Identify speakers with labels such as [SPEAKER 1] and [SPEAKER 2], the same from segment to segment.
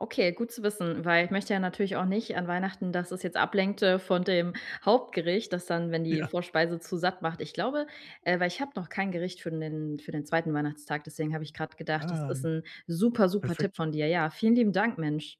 [SPEAKER 1] Okay, gut zu wissen, weil ich möchte ja natürlich auch nicht an Weihnachten, dass es jetzt ablenkt, äh, von dem Hauptgericht, das dann wenn die
[SPEAKER 2] Ja.
[SPEAKER 1] Vorspeise zu satt macht. Ich glaube, äh weil ich habe noch kein Gericht für 'nen für den 2. Weihnachtstag, deswegen habe ich grad gedacht: „Das
[SPEAKER 2] Ah,
[SPEAKER 1] ist 'n super, super Tipp
[SPEAKER 2] perfekt.
[SPEAKER 1] von dir.“ Ja, vielen lieben Dank, Mensch.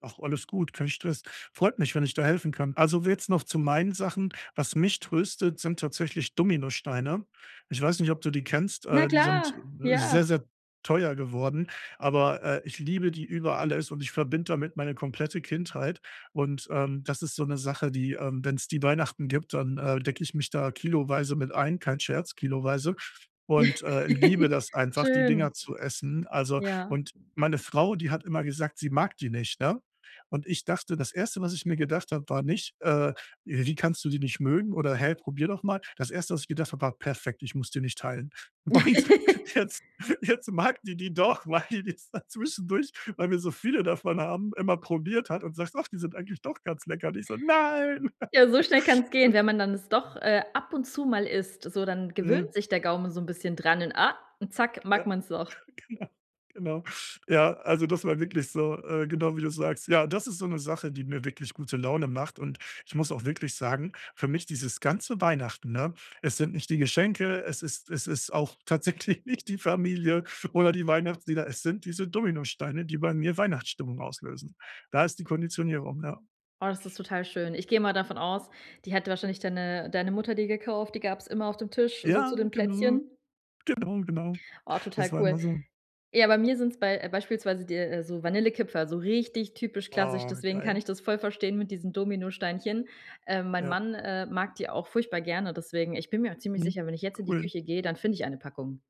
[SPEAKER 2] Ach, alles gut, kein Stress, freut mich, wenn ich da helfen kann. Also willst noch zu meinen Sachen. Was mich tröstet, sind tatsächlich Dominosteine. Ich weiß nicht, ob du die kennst,
[SPEAKER 1] Na
[SPEAKER 2] äh, die
[SPEAKER 1] klar,
[SPEAKER 2] sind
[SPEAKER 1] ja.
[SPEAKER 2] sehr, sehr teuer geworden, aber, äh, ich liebe die über alles und ich verbinde damit meine komplette Kindheit. Und, ähm, das ist so 'ne Sache, die, ähm wenn's die Weihnachten gibt, dann, äh, decke ich mich da kiloweise mit ein, kein Scherz, kiloweise und, äh, liebe das einfach, die
[SPEAKER 1] Schön.
[SPEAKER 2] Dinger zu essen. Also
[SPEAKER 1] Ja.
[SPEAKER 2] und meine Frau, die hat immer gesagt, sie mag die nicht, ne? Und ich dachte das 1., was ich mir gedacht habe, war nicht, äh: „Wie kannst du die nicht mögen oder hä, probier doch mal?“ Das 1. was ich gedacht habe, war: „Perfekt, ich muss die nicht teilen.“ Und jetzt jetzt mag die die doch, weil die es dann zwischendurch, weil wir so viele davon haben, immer probiert hat und sagt: „Och, die sind eigentlich doch ganz lecker.“ Und ich so: „Nein.“
[SPEAKER 1] Ja, so schnell kann's gehen.
[SPEAKER 2] Äh.
[SPEAKER 1] Wenn man dann es doch, äh, ab und zu mal isst, so, dann gewöhnt
[SPEAKER 2] Mhm.
[SPEAKER 1] sich der Gaumen so 'n bisschen dran und ah und zack, mag
[SPEAKER 2] Ja,
[SPEAKER 1] man's doch.
[SPEAKER 2] genau, genau. Ja, also das war wirklich so. Äh, genau, wie du sagst. Ja, das ist so 'ne Sache, die mir wirklich gute Laune macht. Und ich muss auch wirklich sagen, für mich dieses ganze Weihnachten, ne, es sind nicht die Geschenke, es ist es ist auch tatsächlich nicht die Familie oder die Weihnachtslieder. Es sind diese Dominosteine, die bei mir Weihnachtsstimmung auslösen. Da ist die Konditionierung, ja.
[SPEAKER 1] Oh, das ist total schön. Ich geh mal davon aus, die hätte wahrscheinlich deine deine Mutter dir gekauft. Die gab's immer auf dem Tisch so zu
[SPEAKER 2] Ja,
[SPEAKER 1] den
[SPEAKER 2] genau.
[SPEAKER 1] Plätzchen?
[SPEAKER 2] Genau, genau.
[SPEAKER 1] Oh, total
[SPEAKER 2] Das war
[SPEAKER 1] cool.
[SPEAKER 2] immer so.
[SPEAKER 1] Ja, bei mir sind's bei beispielsweise di so Vanillekipferl, so richtig typisch klassisch,
[SPEAKER 2] Oh,
[SPEAKER 1] deswegen kann
[SPEAKER 2] geil.
[SPEAKER 1] ich das voll verstehen mit diesen Dominosteinchen. Äh, mein
[SPEAKER 2] Ja.
[SPEAKER 1] Mann, äh, mag die auch furchtbar gerne, deswegen ich bin mir auch ziemlich
[SPEAKER 2] Mhm,
[SPEAKER 1] sicher, wenn ich jetzt in die
[SPEAKER 2] cool.
[SPEAKER 1] Küche geh, dann finde ich eine Packung.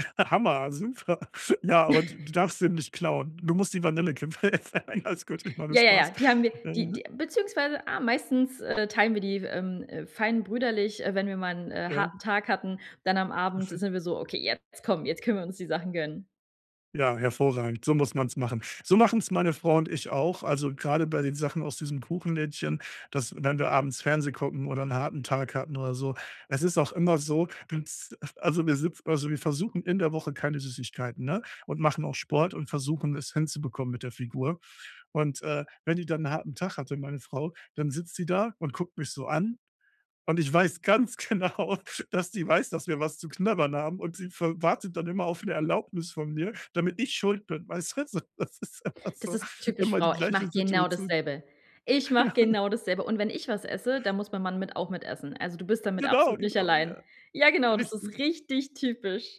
[SPEAKER 2] Hammer, super. Ja und du darfst den nicht klauen. Du musst die Vanillekipferl essen. Alles gut, ich mach nur
[SPEAKER 1] Ja, ja, ja,
[SPEAKER 2] Spaß,
[SPEAKER 1] die haben wir die
[SPEAKER 2] ne?
[SPEAKER 1] die beziehungsweise, ah, meistens, äh, teilen wir die, ähm, äh, fein brüderlich, äh, wenn wir mal 'n, äh,
[SPEAKER 2] Ja.
[SPEAKER 1] harten Tag hatten. Dann am Abend
[SPEAKER 2] Perfekt.
[SPEAKER 1] sind wir so: „Okay, jetzt komm, jetzt können wir uns die Sachen gönnen.“
[SPEAKER 2] Ja, hervorragend. So muss man's machen. So machen's meine Frau und ich auch. Also, gerade bei den Sachen aus diesem Kuchenlädchen, dass wenn wir abends Fernseh gucken oder 'n harten Tag hatten oder so. Es ist auch immer so, dass also wir sitz also wir versuchen in der Woche keine Süßigkeiten, ne? Und machen auch Sport und versuchen es hinzubekommen mit der Figur. Und, äh, wenn die dann 'n harten Tag hatte, meine Frau, dann sitzt die da und guckt mich so an. Und ich weiß ganz genau, dass die weiß, dass wir was zu knabbern haben. Und sie f wartet dann immer auf 'ne Erlaubnis von mir, damit ich Schuld bin, weißt du? Das ist immer
[SPEAKER 1] Das
[SPEAKER 2] so,
[SPEAKER 1] ist typisch
[SPEAKER 2] immer die
[SPEAKER 1] Frau. Ich
[SPEAKER 2] gleiche
[SPEAKER 1] mache genau
[SPEAKER 2] Situation.
[SPEAKER 1] dasselbe. Ich mache
[SPEAKER 2] Ja.
[SPEAKER 1] genau dasselbe. Und wenn ich was esse, dann muss mein Mann mit auch mitessen. Also du bist damit
[SPEAKER 2] Genau,
[SPEAKER 1] absolut nicht
[SPEAKER 2] genau,
[SPEAKER 1] allein.
[SPEAKER 2] ja,
[SPEAKER 1] Ja, genau, das ist
[SPEAKER 2] richtig.
[SPEAKER 1] richtig typisch.